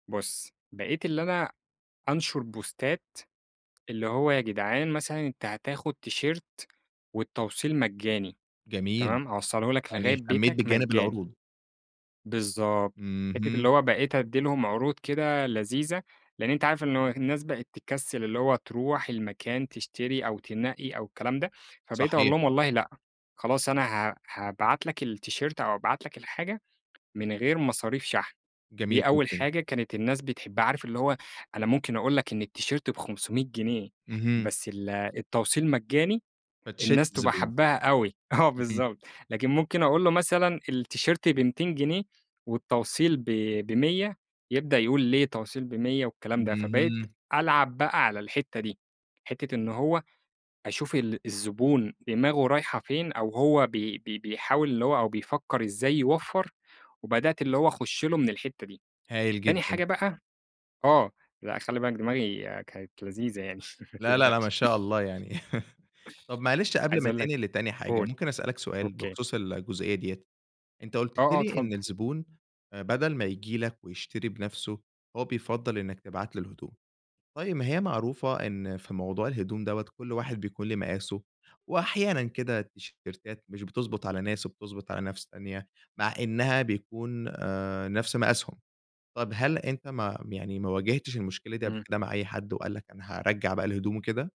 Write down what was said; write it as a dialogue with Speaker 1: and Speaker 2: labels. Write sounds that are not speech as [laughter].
Speaker 1: بُصّ، بقيت اللي أنا أنشر بوستات اللي هو يا جدعان، مثلًا أنت هتاخد تيشيرت والتوصيل مجاني،
Speaker 2: جميل،
Speaker 1: تمام، هاوصله لك
Speaker 2: يعني
Speaker 1: لغاية
Speaker 2: اهتميت
Speaker 1: بيتك
Speaker 2: بجانب
Speaker 1: مجاني.
Speaker 2: العروض.
Speaker 1: بالضبط حتّة
Speaker 2: اهم.
Speaker 1: اللي هو بقيت ادّي لهم عروض كده لذيذة، لأن أنت عارف إنه الناس بقيت تكسِّل اللي هو تروح المكان تشتري أو تنقّي أو الكلام ده، فبقيت أقول
Speaker 2: صحيح.
Speaker 1: لهم والله لأ، خلاص أنا ها هابعت لك التيشيرت أو أبعت لك الحاجة من غير مصاريف شحن،
Speaker 2: جميل
Speaker 1: دي أول
Speaker 2: جدًا.
Speaker 1: حاجة كانت الناس بتحبّها عارف اللي هو أنا ممكن أقول لك إن التيشيرت ب500 جنيه
Speaker 2: اهم.
Speaker 1: بس ال التوصيل مجاني
Speaker 2: فتشِدّ
Speaker 1: الناس تبقى
Speaker 2: الزبون.
Speaker 1: حابّاها أوي، آه،
Speaker 2: اهم.
Speaker 1: بالضبط، لكن ممكن أقول له مثلًا التيشيرت ب200 جنيه والتوصيل ب ب100 يبدأ يقول "ليه توصيل ب100؟!" والكلام ده، فبقيت
Speaker 2: اهم.
Speaker 1: ألعب بقى على الحتّة دي، حتّة إن هو أشوف ال الزبون دماغُه رايحة فين أو هو بي بي بيحاول اللي هو أو بيفكّر إزاي يوفّر، وبدأت اللي هو أخُشّ له من الحتّة دي،
Speaker 2: هايل
Speaker 1: تاني
Speaker 2: جدًا.
Speaker 1: حاجة بقى آه، لأ خلي بالك دماغي كانت لذيذة يعني ما
Speaker 2: لأ، لأ، لأ ما
Speaker 1: تقلقش.
Speaker 2: شاء الله يعني، [laughs] طيّب معلش قبل
Speaker 1: عايز
Speaker 2: ما
Speaker 1: أقول لك
Speaker 2: تنقل لتاني حاجة،
Speaker 1: قُل،
Speaker 2: ممكن أسأل لك سؤال
Speaker 1: أوكي.
Speaker 2: بخصوص الجزئية ديَّة، أنت
Speaker 1: آه،
Speaker 2: قُلت
Speaker 1: آه،
Speaker 2: لي
Speaker 1: اتفضل.
Speaker 2: إن الزبون آآ، بدل ما ييجي لك ويشتري بنفسُه، هو بيفضّل إنّك تبعت له الهدوم. طيّب ما هي معروفة إن في موضوع الهدوم دوَّة كل واحد بيكون لي مقاسُه، وأحيانًا كده التيشيرتات مش بتضبط على ناس وبتضبط على ناس تانية، مع إنها بيكون آآ، نَفْس مقاسهم، طَب هل أنت ما يعني ما واجهتش المشكلة دي قبل
Speaker 1: إمم.
Speaker 2: كده مع أي حد وقال لك أنا هارجّع بقى الهدوم وكده؟